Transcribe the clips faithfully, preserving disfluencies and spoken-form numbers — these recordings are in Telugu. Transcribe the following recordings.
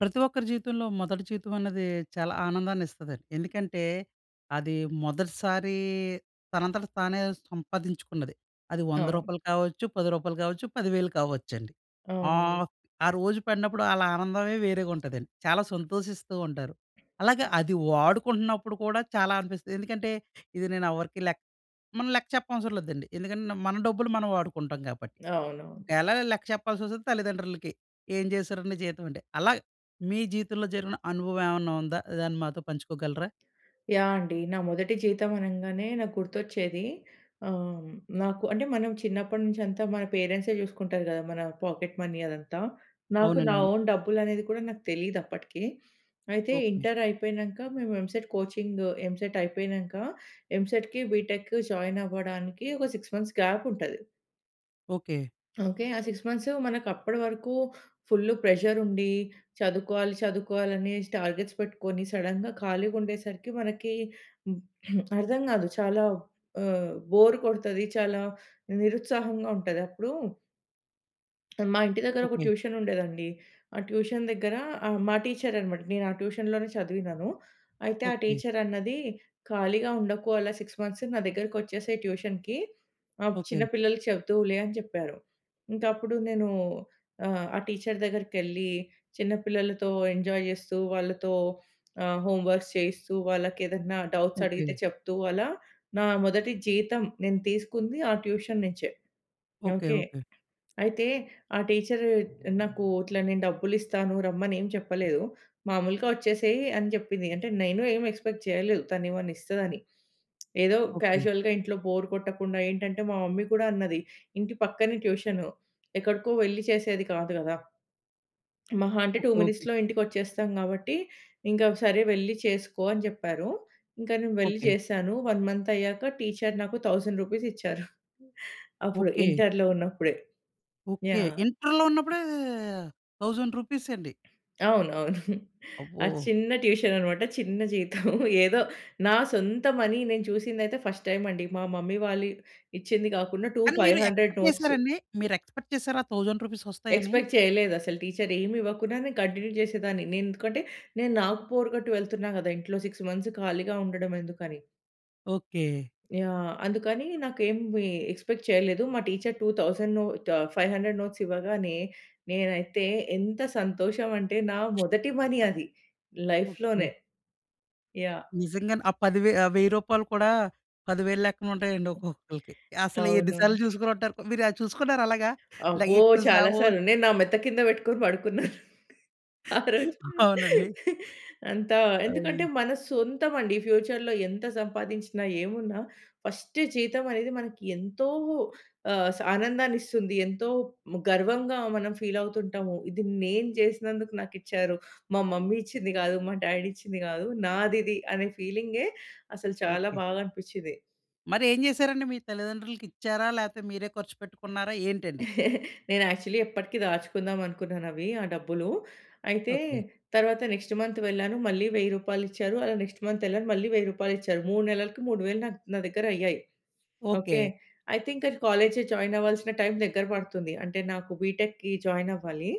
ప్రతి ఒక్కరి జీవితంలో మొదటి జీతం అన్నది చాలా ఆనందాన్నిస్తదండి. ఎందుకంటే అది మొదటిసారి తనంతట తానే సంపాదించుకున్నది. అది వంద అవును. రూపాయలు కావచ్చు. పది రూపాయలు కావచ్చు. పది వేలు కావచ్చండి. అవునండి. ఆహ్, ఆ రోజు పడినప్పుడు ఆళ్ళ ఆనందమే వేరేగా ఉంటదండి. చాలా సంతోషిస్తూ ఉంటారు. అలాగే అది వాడుకుంటున్నప్పుడు కూడా చాలా అనిపిస్తది. ఎందుకంటే, ఇది నేను ఎవరికీ లెక్క మనం లెక్క చెప్పనవసరం లేదండి. ఎందుకంటే మన డబ్బులు మనం వాడుకుంటాం కాబట్టి. అవునవును. ఒకేల లెక్క చెప్పాల్సొస్తే తల్లిదండ్రులకి. "ఏం చేసావురా నీ జీతం?" అంటే. అలా మీ జీవితంలో జరిగిన అనుభవం ఏమన్నా ఉందా? దాన్ని మాతో పంచుకోగలరా? యాహ్! అండి. నా మొదటి జీతం అనంగానే నాకు గుర్తొచ్చేది ఆహ్, నాకు అంటే మనం చిన్నప్పటి నుంచి అంతా మన పేరెంట్సే చూసుకుంటారు గదా! మన పాకెట్ మనీ అదంతా. నాకు అవునండీ. నా అవును. ఓన్ డబ్బులు అనేది కూడా నాకు తెలీదప్పటికి. అయితే ఓకె. ఇంటర్ అయిపోయినంక, మేము ఎంసెట్ కోచింగ్, ఎంసెట్ అయిపోయినంక ఎంసెట్‌కి, బీటెక్‌కి జాయిన్ అవ్వడానికి ఒక సిక్స్ మంత్స్ గ్యాప్ ఉంటది. ఓకె. ఓకే. ఆ సిక్స్ మంత్స్ మనకప్పటి వరకు ఫుల్ ప్రెషర్ ఉండి చదువుకోవాలి, చదువుకోవాలి అనేసి టార్గెట్స్ పెట్టుకొని, సడెన్‌గా ఖాళీగా ఉండేసరికి మనకి హ్మ్, అర్థం కాదు. చాలా ఆహ్, బోర్ కొడతది. చాలా నిరుత్సాహంగా ఉంటది. అప్పుడూ మా ఇంటి దగ్గరొక ఓకే. ట్యూషనుండేదండి. ఆ ట్యూషన్ దగ్గర ఆహ్, మా టీచరన్నమాట. నేను ఆ ట్యూషన్‌లోనే చదివినను. అయితే, ఆ ఓకే. టీచర్ అన్నది, "ఖాళీగా ఉండకు అలా సిక్స్ మంత్స్. నా దగ్గరకొచ్చేసేయి ట్యూషన్‌కి. ఆహ్, చిన్న ఓకే. పిల్లలకి చెప్తువులే" అని చెప్పారు. ఇంకా అప్పుడు నేను ఆహ్, ఆ టీచర్ దగ్గరికెళ్లి చిన్న పిల్లలతో ఎంజాయ్ చేస్తూ, వాళ్ళతో ఆహ్, హోమ్‌వర్క్స్ చేయిస్తూ, వాళ్ళకేదైనా డౌట్స్ అడిగితే ఓకే. చెప్తూ, అలా నా మొదటి జీతం నేను తీసుకుంది ఆ ట్యూషన్ నుంచే. ఓకే. ఓకే. ఓకే. అయితే, ఆ టీచ్చరు నాకు ఇట్లా నేను డబ్బులిస్తాను, రమ్మని ఏమి చెప్పలేదు. మాములుగా వచ్చేసేయి అని చెప్పింది. అంటే నేను ఏమి ఎక్స్‌పెక్ట్ చేయలేదు తనేమన్నా ఇస్తదని. ఏదో ఓకే. క్యాజువల్‌గా ఇంట్లో బోర్ కొట్టకుండా ఏంటంటే, మా మమ్మీ కూడా అన్నది, ఇంటి పక్కనే ట్యూషను, ఎక్కడికో వెళ్లి చేసేది కాదు కదా! మహా అంటే, ఓ టూ ఓకే. మినిట్స్‌లో ఇంటికొచ్చేస్తాం కాబట్టి, ఇంకా, "సరే, వెళ్లి చేసుకో" అని చెప్పారు. ఇంకా నేను వెళ్లి ఓకే. చేశాను. వన్ మంత్ అయ్యాక టీచ్చరు నాకు థౌసండ్ రూపీస్ ఇచ్చారు. అప్పుడు ఓకే. ఇంటరులో ఉన్నప్పుడే. ఓకే. యాహ్! ఇంటరులో ఉన్నప్పుడే, థౌసండ్ రూపీస్ అండి. అవును. అవును. అబ్బో! అది చిన్న ట్యూషనన్నమాట, చిన్న జీతం. ఏదో నా సొంత మనీ నేను చూసిందయితే ఫస్ట్ టైమ్ అండి. మా మమ్మీ వాళ్ళు ఇచ్చింది కాకుండా, టూ కానీ ఫైవ్ మీరు హండ్రెడ్ ఎక్స్‌పెక్ట్ నోట్స్. చేసారండి? మీరు ఎక్స్‌పెక్ట్ చేసారా? ఆ థౌసండ్ రూపీస్ వస్తాయని? ఎక్స్‌పెక్ట్ చేయలేదసలు. టీచరేమివ్వకుండానే కంటిన్యూ చేసేదాన్ని నేను. ఎందుకంటే, నేను నాకు బోర్ కొట్టి వెళ్తున్నా కదా! ఇంట్లో సిక్స్ మంత్స్ ఖాళీగా ఉండడం ఎందుకని. ఓకే. యాహ్! అందుకని నాకు ఏమి ఎక్స్‌పెక్ట్ చేయలేదు. మా teacher two thousand ah, five hundred notes ఇవ్వగానే, నేనైతే ఎంత సంతోషమంటే, నా మొదటి మనీ అది ఓకె. లైఫ్‌లోనే. యాహ్! నిజంగానే ఆ పదివే ఆహ్ వెయ్యి రూపాయలు కూడా పది వేలు లెక్కన ఉంటాయండి ఒక్కొక్కళ్ళకి. అసలు ఎన్ని అవును. సార్లు చూసుకొనుంటారు మీరు అది చూసుకున్నారా అలాగా? అబ్బో! చాలా [unintelligible] సార్లు నేను నా మెత్త కింద పెట్టుకొని పడుకున్నాను ఆ రోజు అవునండి. అంతా. ఎందుకంటే, అయి మన సొంతమండి, ఫ్యూచర్‌లో ఎంత సంపాదించినా, ఏమున్నా ఫస్ట్ జీతమనేది మనకి ఎంతో ఆహ్, స్ ఆనందాన్నిస్తుంది. ఎంతో ము గర్వంగా మనం ఫీల్ అవుతుంటాము. "ఇది నేను చేసినందుకు నాకిచ్చారు. మా మమ్మీ ఇచ్చింది కాదు, మా డ్యాడీ ఇచ్చింది కాదు, నాదిది" అనే ఫీలింగే అసలు చాలా ఓకె. బాగా అనిపించింది. మరి ఏం చేసారండి? మీ తల్లిదండ్రులకి ఇచ్చారా? లేకపోతే మీరే ఖర్చు పెట్టుకున్నారా ఏంటండి? నేను యాక్చువల్లి ఎప్పటికి దాచుకుందామనుకున్నానవి ఆ డబ్బులూ. అయితే ఓకె. తరువాత నెక్స్ట్ మంత్ వెళ్ళాను, మళ్ళి వెయ్యి రూపాయలిచ్చారు. అలా నెక్స్ట్ మంతేళ్ళాను, మళ్ళి వెయ్యి రూపాయలిచ్చారు. మూడు నెలలకి మూడు వేలు నా నా దగ్గరయ్యాయి. ఓకె. ఓకే. అయితే ఇంక కాలేజ్‌ జాయిన్ అవ్వాల్సిన టైం దగ్గర పడుతుంది. అంటే నాకు బీటెక్‌కి జాయిన్ అవ్వాలి.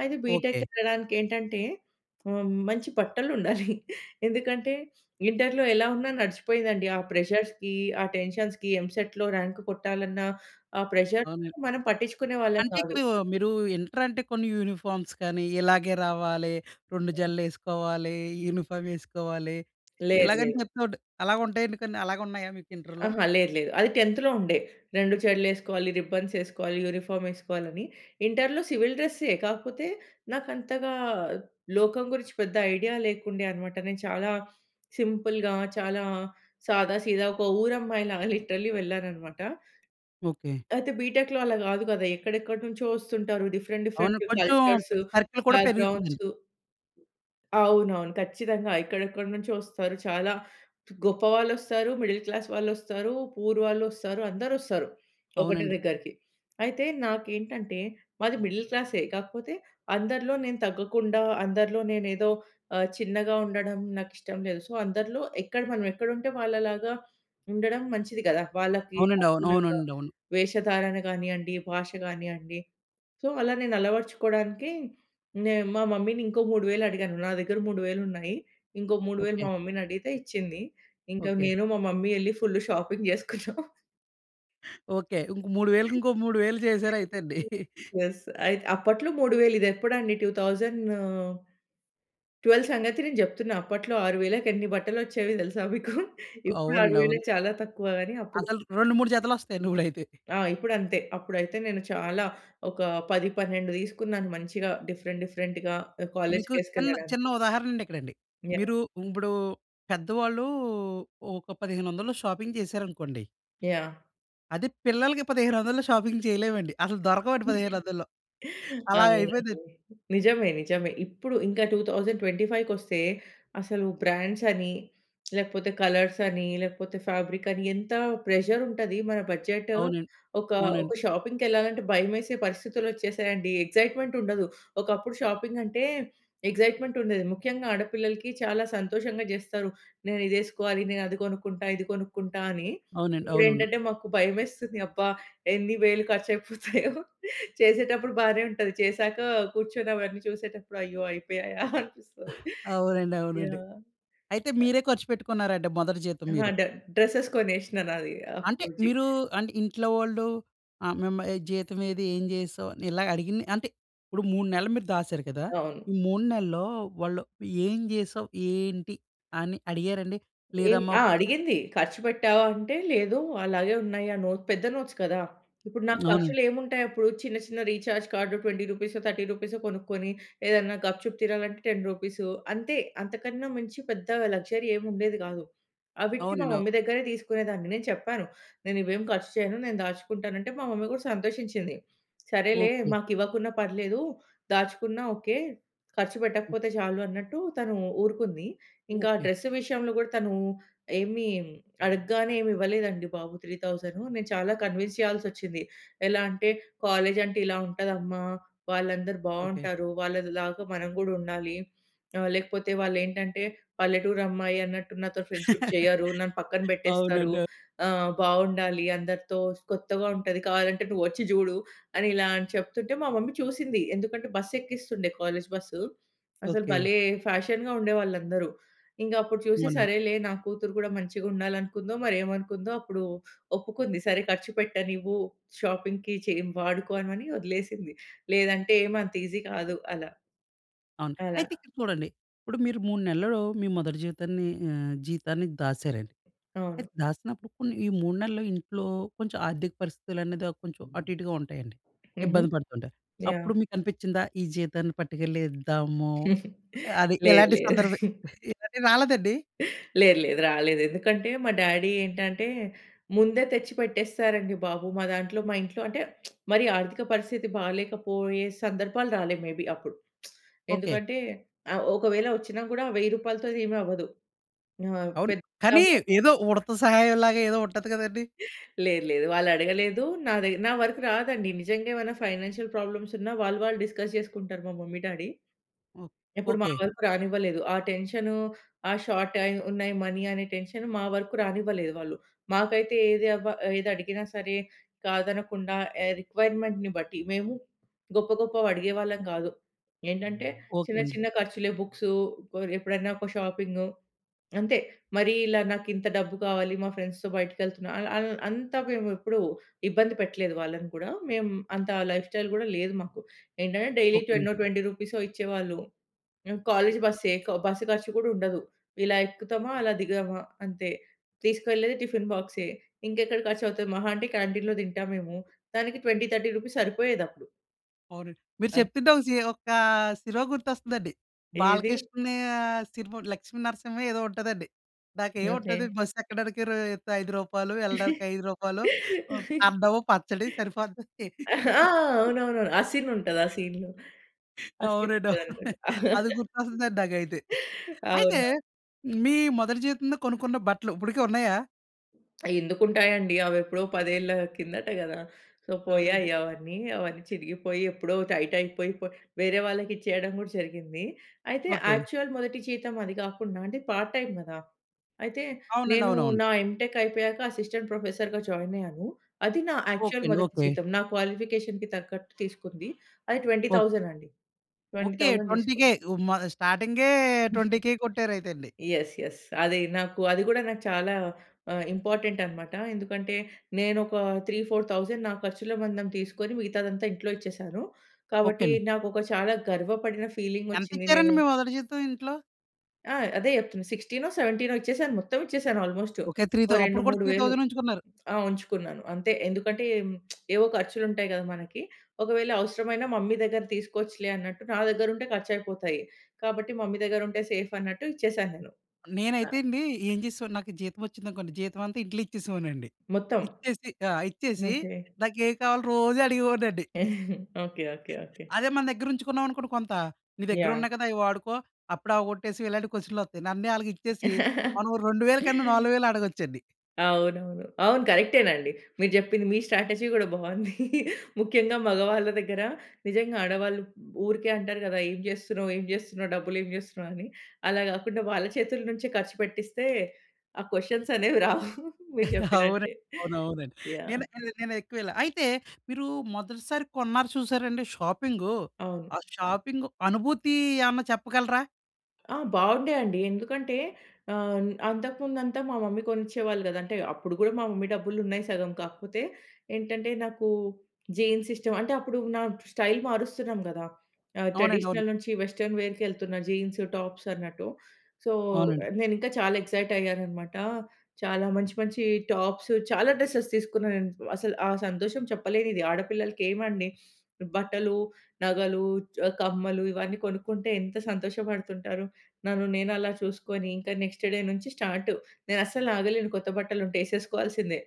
అయితే బీటెక్ ఓకె. వెళ్ళడానికి ఏంటంటే ఆహ్, మంచి బట్టలుండాలి. ఎందుకంటే ఇంటర్‌లో ఎలా ఉన్నా నడిచిపోయీదండీ. ఆ ప్రెషర్స్‌కి, ఆ! టెన్షన్స్‌కి, ఎంసెట్‌లో ర్యాంక్ కొట్టాలన్న ఆ అవును. ప్రెషర్స్‌కి మనం పట్టించుకునే వాళ్ళం అంటే కాదు. ఇప్పుడు మీరు ఇంటర్ అంటే కొన్ని యూనిఫామ్స్ కానీ, ఇలాగే రావాలి, రెండు ఆ! జడల్లేసుకోవాలి, యూనిఫార్వేసుకోవాలి, లేదు ఇలాగని లేదు. చెపుతూ ఉంట అలాగ ఉంటాయండి కొన్ని. అలాగ ఉన్నాయా మీకు ఇంటర్‌లో? ఆహా! లేదు లేదు. అది టెన్త్‌లో ఉండే. రెండు జెడ్లు ఏసుకోవాలి, రిబ్బన్స్ ఏసుకోవాలి, యూనిఫార్మ్ వేసుకోవాలని. ఇంటర్‌లో సివిల్ డ్రెస్సే, కాకపోతే నాకు అంతగా లోకం గురించి పెద్ద ఐడియా లేకుండే అన్నమాట. నేను చాలా సింపుల్‌గా, చాలా సాదా సీదా ఒక ఊరమ్మాయిలాగా లిట్‌రల్లి వెళ్ళానన్నమాట. ఓకె. అయితే బీటెక్‌లో అలా కాదు కదా! ఎక్కడెక్కడి నుంచో వస్తుంటారు. డిఫరెంట్ అవును. డిఫరెంట్ కొంచెం పే కల్చర్సు, సర్కిల్ కూడా పెరుగుతుందండి. బ్యాక్‌గ్రౌండ్సు అవునవును. ఖచ్చితంగా ఎక్కడెక్కడి నుంచో ఒస్తారు. చాలా గొప్పవాళ్ళొస్తారు, మిడిల్ క్లాస్ వాళ్ళొస్తారు, పూర్ వాళ్ళొస్తారు, అందరోస్తారు. ఒకటే అవునండి. దగ్గరికి. అయితే నాకేంటంటే మాది మిడిల్ క్లాసే, కాకపోతే అందరిలో నేను తగ్గకుండా అందరిలో నేనే ఏదో ఆహ్, చిన్నగా ఉండడం నాకిష్టం లేదు. సో, అందరిలో ఎక్కడ మనమెక్కడుంటే వాళ్ళలాగా ఉండడం మంచిది కదా! వాళ్ళకి అవునండి. అవును. అనుగుణంగా అవునండి. అవును. వేషధారణ కానియండి, భాష కానియండి. సో, అలా నేను అలవర్చుకోవడానికి నే మా మమ్మీని ఇంకో మూడు వేలు అడిగాను. నా దగ్గర మూడు వేలు ఉన్నాయి. ఇంకో మూడు వేలు ఓకె. మా మమ్మీని అడిగితే ఇచ్చింది. ఇంకా ఓకె. నేను మా మమ్మీ ఎళ్లి ఫుల్లు షాపింగ్ చేసుకున్నాం. ఓకే. ఇంకో మూడు వేలకి ఇంకో మూడు వేలు చేసారు అయితే అండి. యెస్. అయితే అప్పట్లో మూడు వేలు ఇది ఎప్పుడండి? టూ థౌసండ్ ట్వెల్వ్ సంగతి నేను చెప్తున్నా. అప్పట్లో ఆరు వేలకి ఎన్ని బట్టలొచ్చేవి తెలుసా మీకు? ఇప్పుడు అవునండి. ఆరువేలు అవును. చాలా తక్కువ గాని, అప్పుడు అసలు రెండు మూడు జతలొస్తాయండి ఇప్పుడయితే. ఆ! ఇప్పుడంతే. అప్పుడైతే నేను చాలా ఒక పది పన్నెండు తీసుకున్నాను మంచిగా డిఫరెంట్ డిఫరెంట్‌గా ఆహ్, మీకు చిన్న చిన్న కాలేజికేసుకెళ్ళడానికి. ఉదాహరణండి ఇక్కడండి. యాహ్! మీరు ఇప్పుడు పెద్దవాళ్ళూ ఒక పదిహేనొందల్లో షాపింగ్ చేశారనుకోండి. యాహ్! అదే పిల్లలకి పదిహేనొందలులో షాపింగ్ చేయలేమండి. అసలు దొరకవండి పదిహేనొందలులో. అవునండి. అలాగయిపోయిందండి. నిజమే నిజమే. ఇప్పుడు ఇంకా టూ థౌసండ్ ట్వెంటీ ఫైవ్‌కి ఒస్తే అసలు బ్రాండ్సని లేకపోతే కలర్సని లేకపోతే ఫ్యాబ్రికని ఎంత ప్రెషరుంటది. మన బడ్జెట్ అవునండి. ఒక, ఒక అవునండి. షాపింగ్‌కెళ్ళాలంటే భయమేసే పరిస్థితులొచ్చేసాయండి. ఎక్సైట్‌మెంటుండదు. ఒకప్పుడు షాపింగంటే ఎక్సైట్‌మెంటుండేది. ముఖ్యంగా ఆడపిల్లలకి చాలా సంతోషంగా జేస్తారు. నేనిదేసుకోవాలి, నేనది కొనుక్కుంటా, ఇది కొనుక్కుంటా అని. అవునండి. అవునవును. ఇప్పుడేంటంటే మాకు భయమేస్తుంది. అబ్బా! ఎన్ని వేలు ఖర్చయిపోతాయో చేసేటప్పుడు బానే ఉంటది. చేసాక కూర్చొని అవన్నీ చూసేటప్పుడు అయ్యో! అయిపోయాయా అనిపిస్తది. అవునండి. అవునండి. యాహ్! అయితే అయ్ మీరే ఖర్చు పెట్టుకున్నారా అండి? మొదటి జీతం ఆ! మీరు. డ డ్రెసెస్ కొనేషినాది అది అంటే అప్పుడు జీ మీరు అంటే ఇంట్లో వాళ్ళు ఆహ్, మిమ్మ ఈ జీతం ఏది? ఏం చేసావు? అని ఇలా అడిగింది. అంటే ఇప్పుడు మూడు నెలలు మీరు దాసారు కదా! అవును. ఈ మూడు నెలల్లో వాళ్ళు ఏం జేసావు? ఏంటి అని అడిగారండి? ఏం లేదమ్మా ఆ! ఒక అడిగింది. "ఖర్చు పెట్టావా?" అంటే లేదు. అలాగే ఉన్నాయి. ఆ నోట్ పెద్ద నోట్స్ కదా! ఇప్పుడు నాకు అవునండి. ఖర్చులేముంటాయప్పుడు. చిన్న చిన్న రీచార్జ్ కార్డ్ ట్వెంటీ రూపీసో, థర్టీ రూపీసో, కొనుక్కొని ఏదైనా గప్‌చుప్ తీనాలంటే టెన్ రూపీస్ అంతే. అంతకన్నా మంచి పెద్ద లగ్జరీ ఏముండేది కాదు. అవిటికి మా అవునండి. అవ్ మమ్మీ దగ్గరే తీసుకునేదాన్ని. నేను చెప్పాను. "నేను ఇవేం ఖర్చు చేయను. నేను దాచుకుంటాను" అంటే మా మమ్మీ కూడా సంతోషించింది. "సరేలే ఓకె. మాకు ఇవ్వకున్నా పర్లేదు. దాచుకున్నా ఓకే. ఖర్చు హ్మ్. పెట్టకపోతే చాలు" అన్నట్టు తను ఊరుకుంది. ఇంకా ఓకె. డ్రెస్ విషయంలో కూడా తను ఏమి అడగగానే ఏం ఇవ్వలేదండి బాబు. త్రీ థౌసండ్ నేను చాలా కన్విన్స్ చేయాల్సొచ్చింది. ఎలా అంటే "కాలేజీ అంటే ఇలా ఉంటది అమ్మ. వాళ్ళందరూ ఓకె. బావుంటారు. వాళ్ళలాగా మనం కూడా ఉండాలి. ఆహ్, లేకపోతే వాళ్ళేంటంటే పల్లెటూరమ్మాయి అన్నట్టు నాతో ఫ్రెండ్‌షిప్ చెయ్యరు. నన్ను పక్కన పెట్టేస్తారు. అవునండి. ఆహ్, బావుండాలి అందరితో. కొత్తగా ఉంటది. కావాలంటే నువ్వొచ్చి జూడు" అని ఇలా చెప్తుంటే మా మమ్మీ చూసింది. ఎందుకంటే బస్సెక్కిస్తుండే కాలేజు బస్సు. అసలు ఓకె. భలే! ఫ్యాషన్‌గా ఉండేవాళ్ళందరూ. ఇంగప్పుడు చూసి అవునా! సరేలే! నా కూతురు కూడా మంచిగా ఉండాలనుకుందో, మరేమనుకుందో. అప్పుడు ఒప్పుకుంది. సరే ఖర్చు పెట్టనివ్వు షాపింగ్‌కి చేయన్ వాడుకోమని వదిలేసింది. లేదంటే ఏమంత ఈజీ కాదు అలా. అవును. అలా. అయితే ఇక్కడ చూడండి. ఇప్పుడు మీరు మూడు నెలలలో, మీ మొదటి జీవితాన్ని ఆహ్, జీతాన్ని దాసారండి. అవును. అయితే దాసినప్పుడు కొన్ని ఈ మూడు నెలలు ఇంట్లో, కొంచెం ఆర్థిక పరిస్థితులనేది అ కొంచెం అటు ఇటుగా ఉంటాయండి. హుహు. ఇబ్బంది పెడుతుంటాయి. అప్పుడు యాహ్! మీకనిపిచ్చిందా ఈ జీతాన్ని పట్టుకెళ్ళి ఇద్దాము. అది లేదు. ఇలాంటి సందర్భమే. లేదు. ఇలాంటివి రాలేదండి? లేదు. లేదు. రాలేదు. ఎందుకంటే మా డ్యాడీ ఏంటంటే, ముందే తెచ్చి పెట్టేస్తారండి బాబు. మా దాంట్లో మా ఇంట్లో అంటే మరీ ఆర్థిక పరిస్థితి బాలేకపోయే సందర్భాలు రాలేదు. మేబి అప్పుడు. ఓకె. ఎందుకంటే ఆహ్, ఒకవేళ వచ్చినా కూడా వెయ్యి రూపాయలతోని ఏమి అవ్వదు. ఆ! అవును. పెద్ద కానీ అమౌంట్ ఏదో ఉడత సహాయంలాగా ఏదో ఉంటది కదండీ! లేదు లేదు. వాళ్ళు అడగలేదు. నాది నా వరకు రాదండి. నిజంగా ఏమైనా ఫైనాన్షియల్ ప్రాబ్లమ్సున్నా, వాళ్ళు వాళ్ళు డిస్కస్ చేసుకుంటారు. మా మమ్మీ, డ్యాడీ. ఓహ్! ఎప్పుడు మా ఓకె. వరకు రానివ్వలేదు. ఆ టెన్షను, ఆ షార్ట్ అయి ఉన్నాయి మనీ అనే టెన్షన్ మా వరకు రానివ్వలేదు వాళ్ళు. మాకైతే ఏది అబ్బా ఏది అడిగినా సరే కాదనకుండా ఎ రిక్వైర్‌మెంట్‌ని బట్టి. మేము గొప్ప గొప్పవి అడిగేవాళ్ళం కాదు. ఏంటంటే చిన్న ఓకెండి. చిన్న ఖర్చులే బుక్స్ ఎప్పుడైనా ఒక షాపింగు అంతే. మరీ ఇలా నాకు ఇంత డబ్బు కావాలి మా ఫ్రెండ్స్‌తో బయటకెళ్తున్నా, అల్ అల్ అంత మేము ఎప్పుడు ఇబ్బంది పెట్టలేదు వాళ్ళని కూడా. మేము అంత లైఫ్‌స్టైల్ గూడా లేదు మాకు. ఏంటంటే డైలీ ఓకె. టెన్నో ట్వెంటీ రూపీసో ఇచ్చేవాళ్ళు. హ్మ్, కాలేజి బస్సే, క బస్సు ఖర్చు కూడా ఉండదు. ఇలా ఎక్కుతామా అలా దిగమా అంతే. తీసుకెళ్ళేది టిఫిను బాక్సే. ఇంకెక్కడ ఖర్చవుతది మహా అంటే క్యాంటీన్‌లో తింటాం మేము. దానికి ట్వెంటీ, థర్టీ రూపీస్ సరిపోయేదప్పుడు. అవునండి. మీరు అద్ చెప్తుంటే ఒ సి ఒకా సినిమా గుర్తొస్తుందండి. ఏది? బాలకృష్ణా సినిమా ఒకటి 'లక్ష్మీ నరసింహో' ఏదో ఉంటదండి. ఓకే. నాకేంముంటది బస్ ఎక్కడానికి రా తు ఐదు రూపాయలు, ఎళ్ళడానికి ఐదు రూపాయలు ఓ అన్నం, పచ్చడి. సరిపోది. ఆ! అవునవును. ఆ ఆసీనుంటది, ఆ సీన్‌లో. ఆసిన్‌ అవునండి, అవును. గారితోటి. అది గుర్తొస్తుందండి నాకైతే. అయితే అవునా! మీ మొదటి జీతంతో కొనుకున్న బట్టలు ఇప్పడికి ఉన్నాయా? ఎందుకు ఉంటాయి అండి. అవెప్పుడో పదేళ్ల కిందట గదా! సో, అవునండి. పోయాయి అవన్నీ. అవన్నీ చినిగిపోయి ఎప్పుడో టైట్ అయిపోయి పోయి వేరే వాళ్ళకిచ్చేయడం కూడా జరిగింది. అయితే ఓకే. యాక్చువల్ మొదటి జీతం అది గాకుండా అంటే పార్ట్ టైమ్ గదా! అయితే అవునండి. నేను అవునవును. నా ఎంటెక్ అయిపోయాక అసిస్టెంట్ ప్రొఫెసర్‌గా జాయిన్ అయ్యాను. అది నా ఓకే యాక్చువల్ అండి. మొదటి ఓకే. జీతం. నా క్వాలిఫికేషన్‌కి తగ్గట్టు తీసుకుంది. అది ట్వెంటీ ఓకే. థౌసండ్ అండి. Twenty okay. థౌసండ్ ట్వంటీ‌ తీసుకున్న. కే ఉ మా స్టార్టింగే ట్వంటీ‌ కే కొట్టారైతే అండి. Yes, yes. అది నాకు, అది కూడా నాకు చాలా ఆహ్, ఇంపార్టెంట్ అన్నమాట. ఎందుకంటే నేనొక త్రీ ఫోర్ థౌసండ్ నా ఖర్చుల మందం తీసుకొని, మిగతాదంతా ఇంట్లో ఇచ్చేసాను. ఓకే కాబట్టి అండి. నాకొక చాలా గర్వపడిన ఫీలింగొచ్చింది. ఎంతిచ్చారండి నేనె మీ మొదటి జీతం ఇంట్లో? ఆ! అదే చెప్తున్నా. సిక్స్‌టినో, సెవెంటీనో ఇచ్చేసాను. మొత్తం ఇచ్చేసాను అల్మోస్ట్. ఓకే. త్రీ ఓ థౌ రెండు అప్పుడు కూడా మూడు త్రీ వేలు థౌసండ్ ఉంచుకున్నారు. ఆ! ఉంచుకున్నాను అంతే. ఎందుకంటే, ఏవో ఖర్చులుంటాయి కదా మనకి. ఒకవేళ అవసరమైన మమ్మీ దగ్గర తీసుకోవచ్చులే అన్నట్టు, నా దగ్గర ఉంటే ఖర్చు అయిపోతాయి. కాబట్టి, మమ్మీ దగ్గర ఉంటే, సేఫన్నట్టు ఇచ్చేసాను నేను. ఆ! నేనైతే అండి, ఏం చేసేవాడిని నాకు జీతం వచ్చిందనుకోండి, జీతం అంతా ఇంట్లో ఇచ్చేసేవాడినండి. మొత్తం. ఇచ్చేసి ఆ! ఇచ్చేసి, ఓకే. నాకు ఏం కావాలో రోజు అడిగేవాడినండి. ఓకే. ఓకే. ఓకే. అదే మన దగ్గర ఉంచుకున్నావనుకోండి కొంత, నీ దగ్గర యాహ్! ఉన్నాయి కదా! అయి వాడుకో, అప్పుడే అవకొట్టేసి ఇలాంటి క్వెషన్‌లొత్తయి. నన్నే ఆళ్ళకి ఇచ్చేసి, మనం రెండు వేల కన్నా, నాలుగు వేలు అడగొచ్చం‌డి. అవునవును. అవును కరెక్టే‌నండి మీరు చెప్పింది. మీ స్ట్రాటజీ కూడా బావుంది. ముఖ్యంగా మగవాళ్ళ దగ్గర, నిజంగా ఆడవాళ్ళు ఊరికే అంటారు కదా! ఏం చేస్తున్నావు, ఏం చేస్తున్నావు, డబ్బులు ఏం చేస్తున్నావు అని, అలా కాకుండా వాళ్ళ చేతుల నుంచే ఖర్చు పెట్టిస్తే, ఆ క్వెషన్స్ అనేవి రావు. మీరు అవున చెప్పినట్టే. అవునవునండి. నేను, యాహ్! నె నేను ఎక్కువ ఇలా అయితే, మీరు మొదటిసారి కొన్నారు చూశారా అండి షాపింగూ. అవును. ఆ షాపింగ్ అనుభూతి ఏమన్నా చెప్పగలరా? ఆ! బాగుండే అండి. ఎందుకంటే ఆహ్, అంతకు ముందు అంతా మా మమ్మీ కొనిచ్చేవాళ్ళు కదా! అంటే, అప్పుడు కూడా మా మమ్మీ డబ్బులున్నాయి సగం. కాకపోతే ఏంటంటే, నాకు జీన్స్ ఇష్టం అంటే, అప్పుడు నా స్టైల్ మారుస్తున్నాం కదా! ఆ! అవునండి. అవును. ట్రెడిషనల్ నుంచి వెస్టర్న్ వేర్‌కి ఎళ్తున్న జీన్స్, టాప్స్ అన్నట్టు. సో, అవునండి. ఆహ్, నేనింకా చాలా ఎక్సైట్ అయ్యాను అన్నమాట. చాలా మంచి, మంచి టాప్స్ చాలా డ్రెస్సెస్ తీసుకున్నాను. నేను అసలు ఆ సంతోషం చెప్పలేనిది. ఆడపిల్లలకి ఏమండి బట్టలు, నగలు చ్ కమ్మలు ఇవన్నీ కొనుక్కుంటే, ఎంత సంతోషపడుతుంటారు. నన్ను నేను అలా చూసుకొని, ఇంకా నెక్స్ట్ డే నుంచి స్టార్టు. నేనస్సలాగలేను కొత్త బట్టలుంటే ఏసేసుకోవాల్సిందే.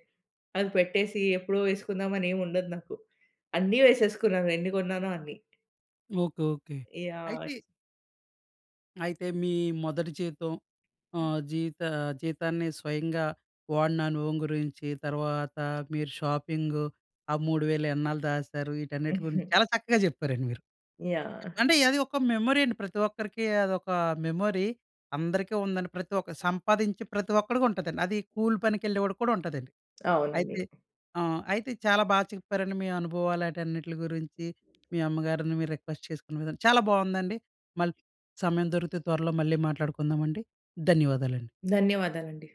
అవి పెట్టేసి ఎప్పుడో వేసుకుందాం అని ఏముండదు నాకు. అన్నీ వేసేసుకున్నాను ఎన్ని కొన్నానో అన్ని. ఓకే. ఓకే. యాహ్! అయితే అయితే, మీ మొదటి జీతం ఆహ్, జీవిత జీతాన్ని స్వయంగా వాడిన అనుభవం గురించి, తర్వాత మీర షాపింగూ, ఆ మూడు వేలు ఎన్నాళ్ళు దాశారు, ఈటన్నిట్లి గురించి చాలా చక్కగా చెప్పారండి మీరు. ఎ యాహ్! అంటే, అది ఒక మెమొరీ అండి. ప్రతి ఒక్కరికి అదొక మెమొరీ. అందరికీ ఉందండి. ప్రతి ఒక్కరు సంపాదించే ప్రతి ఒక్కడికుంటదండి. అది కూలి పనికెళ్ళే వాడికి కూడా ఉంటదండి. అవునండి. అయితే హ్మ్. ఆహ్, అయితే చాలా బా చెప్పారండి మీ అనుభవాలు ఆటన్నిటిలి గురించి, మీ అమ్మగారిని మీరు రిక్వెస్ట్ చేసుకున్న విధానం, చాలా బావుందండి. మళ్ళీ సమయం దొరికితే త్వరలో మళ్ళీ మాట్లాడుకుందామండి. ధన్యవాదాలండి. ధన్యవాదాలండి.